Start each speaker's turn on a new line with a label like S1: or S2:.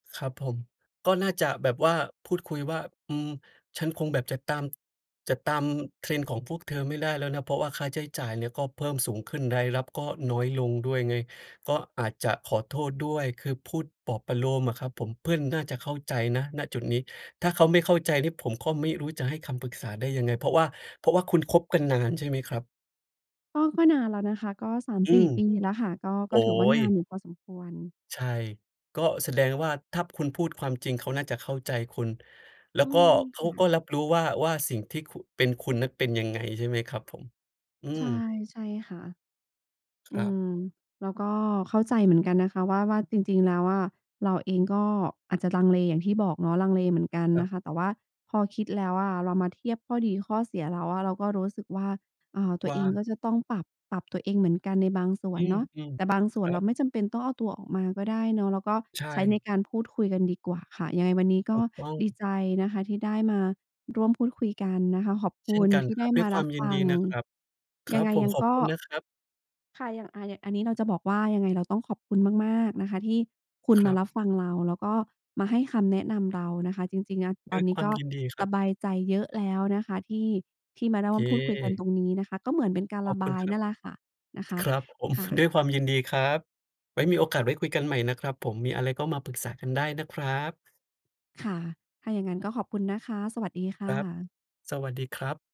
S1: ครับผม ก็น่าจะแบบว่าพูดคุยว่า อืม ฉันคงแบบจะตาม จะตาม trend ของพวกเธอไม่ได้แล้วนะ เพราะว่าค่าใช้จ่ายเนี่ยก็เพิ่มสูงขึ้น รายรับก็น้อยลงด้วยไง ก็อาจจะขอโทษด้วย คือพูดปลอบประโลมอะครับผม เพื่อนน่าจะเข้าใจนะ ณ จุดนี้ ถ้าเขาไม่เข้าใจเนี่ย ผมก็ไม่รู้จะให้คำปรึกษาได้ยังไง เพราะว่า เพราะว่าคุณคบกันนานใช่ไหมครับ?
S2: ก็ ก็นานแล้วนะคะ ก็ สาม
S1: อื
S2: สี่
S1: ม
S2: ปีแล้วค่ะ ก็
S1: โ
S2: ก
S1: อ
S2: ็
S1: ๊
S2: ถือว่าน
S1: ย
S2: านอยู่พอสมควร
S1: ใช่ ก็แสดงว่า ถ้าคุณพูดความจริง เขาน่าจะเข้าใจคุณ แล้
S2: อื
S1: วก็
S2: ม
S1: เข
S2: ค
S1: า
S2: ่
S1: ก็
S2: ะ
S1: รับรู้ว่า ว่าสิ่งที่คุณ เป็นคุณนั้นเป็นยังไงใช่ไหมครับผม? อื
S2: ใช
S1: ม
S2: ่ ใช่ค่ะ อื
S1: ครับ
S2: ม เราก็เข้าใจเหมือนกันนะคะว่า ว่าจริง ๆ แล้วอะ เราเองก็อาจจะลังเลอย่างที่บอกเนาะ ลังเลเหมือนกัน
S1: คร
S2: น
S1: ับ
S2: ะคะ แต่ว่าพอคิดแล้วอะ เรามาเทียบข้อดีข้อเสียแล้วอะ เราก็รู้สึกว่า อ่า ตั
S1: ว
S2: ว
S1: ่
S2: เองก็
S1: า
S2: จะต้องปรับ ปรับตัวเองเหมือนกันในบางส่ว
S1: อื
S2: น
S1: ม
S2: เนาะ
S1: อืม
S2: แต่บางส
S1: ค
S2: ่ว
S1: ร
S2: น
S1: ั
S2: เร
S1: บ
S2: าไม่จำเป็นต้องเอาตัวออกมาก็ได้เนาะ เราก็
S1: ใช
S2: ใช้ใน
S1: ่
S2: การพูดคุยกันดีกว่าค่ะ ยังไงวันนี้ก
S1: ถ
S2: ็
S1: ูกต้อ
S2: ดี
S1: ง
S2: ใจนะคะ ที่ได้มาร่วมพูดคุยกันนะคะ ขอบค
S1: เช่
S2: ุ
S1: น
S2: ณ
S1: กัน
S2: ที่
S1: ค
S2: ไ
S1: ร
S2: ด
S1: ั
S2: ้
S1: บ ด้
S2: ม
S1: วย
S2: า
S1: คว
S2: ร
S1: า
S2: ั
S1: ม
S2: บ
S1: ยิ
S2: ฟ
S1: น
S2: ั
S1: ดี
S2: ง
S1: นะครับ คร
S2: ยั
S1: ั
S2: ง
S1: บ
S2: ไง
S1: ผม
S2: ยัง
S1: ขอ
S2: ก
S1: บ
S2: ็
S1: คุณนะครับ
S2: ค่ะ อย่าง อ่า อันนี้เราจะบอกว่า ยังไง เราต้องขอบคุณมาก ๆ นะคะ ที่คุณ
S1: คร
S2: มา
S1: ับ
S2: รับฟังเรา แล้วก็มาให้คำแนะนำเรานะคะ จริง ๆ เนี่ย
S1: ด
S2: ต
S1: ้
S2: อ
S1: ว
S2: น
S1: ย
S2: นี
S1: ค
S2: ้
S1: วา
S2: ก
S1: ม
S2: ็
S1: ยินดีค
S2: ส
S1: รับ
S2: บายใจเยอะแล้วนะคะ ที่ ที่มาเริ่
S1: เ
S2: มพูดคุยกัน
S1: ค
S2: ตรงนี้นะคะ ก็เหมือนเป็นการ
S1: ข
S2: ร
S1: อบ
S2: ะ
S1: ค
S2: บ
S1: ุณ
S2: าย
S1: ครั
S2: น
S1: บ
S2: ั่นล่ะค่ะ นะคะ
S1: ครับ ผม
S2: ค่
S1: ด้
S2: ะ
S1: วยความยินดีครับ ไว้มีโอกาสไว้คุยกันใหม่นะครับผม มีอะไรก็มาปรึกษากันได้นะครับ
S2: ค่ะ ถ้าอย่างงั้นก็ขอบคุณนะคะ สวัสดีค
S1: ค
S2: ่
S1: รับ
S2: ะ
S1: สวัสดีครับ